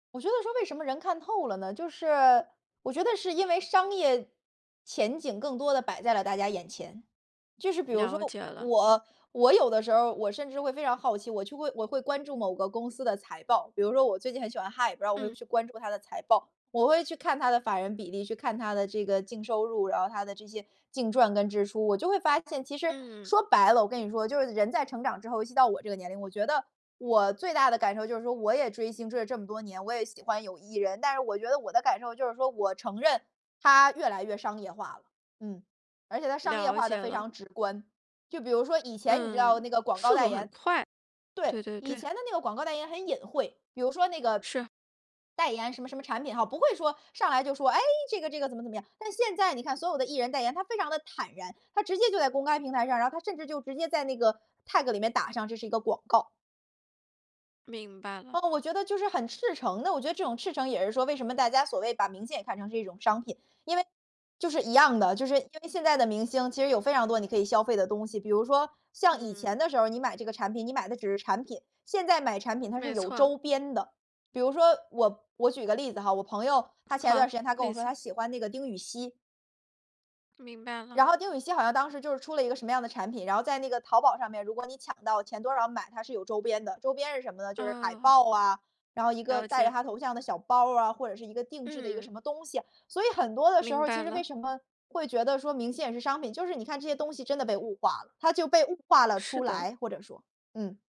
我觉得说为什么人看透了呢？就是，我觉得是因为商业前景更多地摆在了大家眼前。就是比如了说，解了。我我有的时候儿我甚至会非常好奇，我去会我会关注某个公司的财报，比如说我最近很喜欢 High，我会嗯。去关注它的财报，我会去看它的法人比例，去看它的这个净收入，然后它的这些，净赚跟支出，我就会发现其实，嗯。说白了我跟你说，就是人在成长之后，尤其到我这个年龄，我觉得，我最大的感受就是说我也追星追了这么多年，我也喜欢有艺人，但是我觉得我的感受就是说，我承认，它越来越商业化了，嗯。而且它商业了化得解非了。常直观，就比如说以前你知道嗯。那个广告速代度很言快，对，对对以对。前的那个广告代言很隐晦，比如说那个是。代言什么什么产品哈，不会说，上来就说，哎，这个这个怎么怎么样，但是现在你看所有的艺人代言，他非常地坦然，他直接就在公开平台上，然后他甚至就直接在那个，tag 里面打上这是一个广告。明白了。呃，我觉得就是很赤诚地，我觉得这种赤诚也是说为什么大家所谓把明星也看成是一种商品。因为就是一样的，就是因为现在的明星，其实有非常多你可以消费的东西。比如说，像以嗯。前的时候你买这个产品，你买的只是产品，现在买产品它是没有错。周边的。比如说我我举个例子哈，我朋友，她前段好，时间她跟我绿说色。她喜欢那个丁宇希。明白了。然后丁宇希好像当时就是出了一个什么样的产品，然后在那个淘宝上面如果你抢到前多少买，她是有周边的，周边是什么呢？就是海嗯。报啊，然后一个了戴着解。她头像的小包儿啊，或者是一个定制的一个嗯。什么东西，所以很多的时候明儿白其实为了。什么会觉得说明星也是商品，就是你看这些东西真的被物化了，它就被物化了是出的。来，或者说。嗯。